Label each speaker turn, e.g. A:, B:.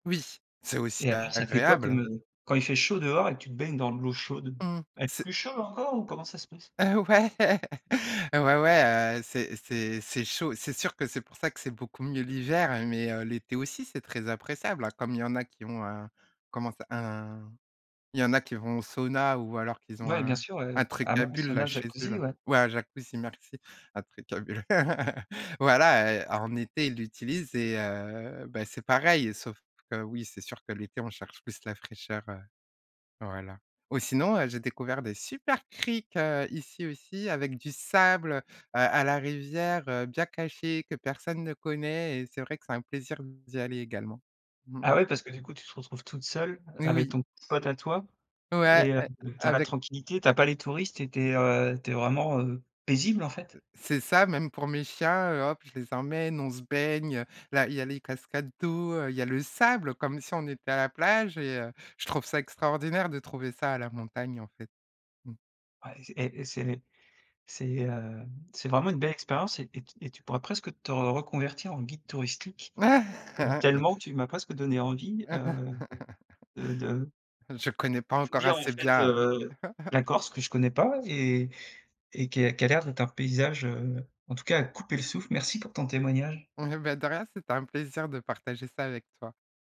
A: Oui, c'est aussi
B: Et alors ça fait quoi
A: agréable,
B: comme,
A: hein.
B: heu quand il fait chaud dehors et que tu te baignes dans de l'eau chaude,
A: Mmh,
B: elle est
A: c'est
B: plus chaude encore ou comment ça se passe?
A: heu heu, ouais. Ouais, ouais, heu, c'est c'est c'est chaud. C'est sûr que c'est pour ça que c'est beaucoup mieux l'hiver. Mais, heu, l'été aussi, c'est très appréciable, hein. Comme il y en a qui ont, un comment ça un Il y en a qui vont au sauna ou alors qu'ils ont
B: Bah oui, bien
A: un
B: sûr ouais,
A: un
B: heu,
A: truc à
B: hammam,
A: bulles là,
B: sauna,
A: chez eux
B: jacuzzi.
A: là.
B: Ouais.
A: Ouais un jacuzzi merci, un truc à bulles. Voilà, heu, en été ils l'utilisent et heu, bah c'est pareil sauf que oui, c'est sûr que l'été on cherche plus la fraîcheur, heu, voilà. Ou sinon, heu, j'ai découvert des super criques heu, ici aussi avec du sable. Heu, à la rivière, heu, bien caché que personne ne connaît et c'est vrai que c'est un plaisir d'y aller également. Mmh
B: Ah
A: mh.
B: ouais, parce que du coup tu te retrouves toute seule avec
A: Oui.
B: ton pote, à toi
A: Ouais
B: et heu, tu
A: a
B: as la
A: avec.
B: tranquillité, tu as pas les touristes et tu es, heu tu es vraiment, heu, paisible en fait.
A: C'est ça même pour mes chiens, heu, hop! Je les emmène, on se baigne, heu, là il y les cascades d'eau, heu. Il y a le sable comme si on était à la plage et heu, je trouve ça extraordinaire de trouver ça à la montagne en fait. Mmh.
B: Ouais. Et et c'est les c'est hem c'est vraiment une belle expérience et t et tu et tu pourrais presque te reconvertir en guide touristique, tellement tu m'as presque donné envie, heu, de de
A: Je connais pas
B: je veux
A: encore
B: dire en
A: assez
B: fait,
A: bien.
B: heu, la Corse que je connais pas et et qui qui a l'air d'être un paysage, heu, en tout cas à couper le souffle. Merci pour ton témoignage.
A: Ouais bah, de rien. C'était un plaisir de partager ça avec toi.